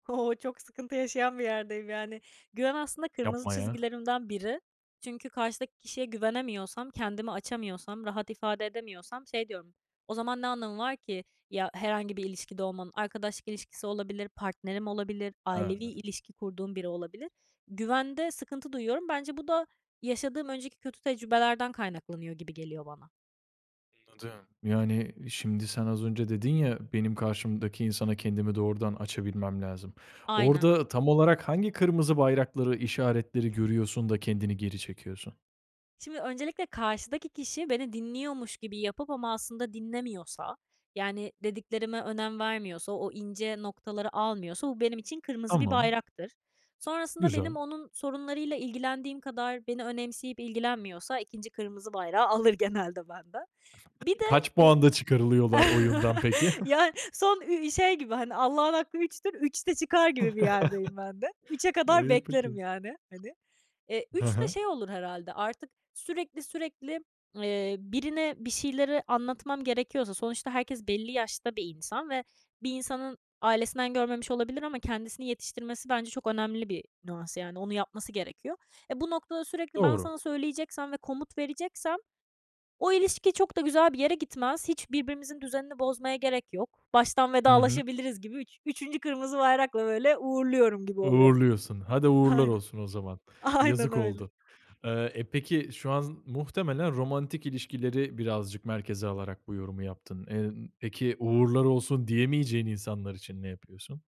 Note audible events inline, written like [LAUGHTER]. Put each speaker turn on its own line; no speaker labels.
O! Çok sıkıntı yaşayan bir yerdeyim, yani. Güven, aslında, kırmızı
Yapma ya.
çizgilerimden biri. Çünkü karşıdaki kişiye güvenemiyorsam, kendimi açamıyorsam, rahat ifade edemiyorsam şey diyorum, o zaman ne anlamı var ki ya, herhangi bir ilişkide olmamın, arkadaşlık ilişkisi olabilir, partnerim olabilir, ailevi
Ha.
ilişki kurduğum biri olabilir. Güvende sıkıntı duyuyorum. Bence bu da yaşadığım önceki kötü tecrübelerden kaynaklanıyor gibi geliyor bana.
Anladım. Yani, şimdi sen az önce dedin ya, benim karşımdaki insana kendimi doğrudan açabilmem lazım.
Aynen.
Orada tam olarak hangi kırmızı bayrakları, işaretleri görüyorsun da kendini geri çekiyorsun?
Şimdi öncelikle karşıdaki kişi beni dinliyormuş gibi yapıp ama, aslında, dinlemiyorsa, yani, dediklerime önem vermiyorsa, o ince noktaları almıyorsa bu benim için kırmızı bir
Tamam.
bayraktır. Sonrasında benim
Güzel.
onun sorunlarıyla ilgilendiğim kadar beni önemseyip ilgilenmiyorsa 2. kırmızı bayrağı alır genelde benden. Bir de,
Kaç
e
puanda çıkarılıyorlar oyundan, peki?
[CHUCKLES] ya,
[SCOFFS]
son, iii, şey gibi, hani, "Allah'ın hakkı üçtür, üçte çıkar." gibi bir yerdeyim ben de. 3'e
[CHUCKLES]
kadar
Eee,
beklerim,
peki.
yani, hani. Eee,
He
3 de
he.
şey olur herhâlde, artık sürekli sürekli, eee, birine bir şeyleri anlatmam gerekiyorsa sonuçta herkes belli yaşta bir insan ve bir insanın ailesinden görmemiş olabilir ama kendisini yetiştirmesi bence çok önemli bir nüans, yani, onu yapması gerekiyor. E, bu noktada sürekli ben
Doğru.
sana söyleyeceksem ve komut vereceksem o ilişki çok da güzel bir yere gitmez. Hiç birbirimizin düzenini bozmaya gerek yok. "Baştan
I hı.
vedalaşabiliriz." gibi üç üçüncü kırmızı bayrakla, böyle, uğurluyorum gibi oluyor.
Uğurluyorsun. Hadi, uğurlar
Aynen.
olsun o zaman.
Aynen
Yazık
öyle.
oldu. Aaa, e, peki, şu an z muhtemelen romantik ilişkileri birazcık merkeze alarak bu yorumu yaptın. Eee, ımm, peki, "Uğurlar olsun" diyemeyeceğin insanlar için ne yapıyorsun?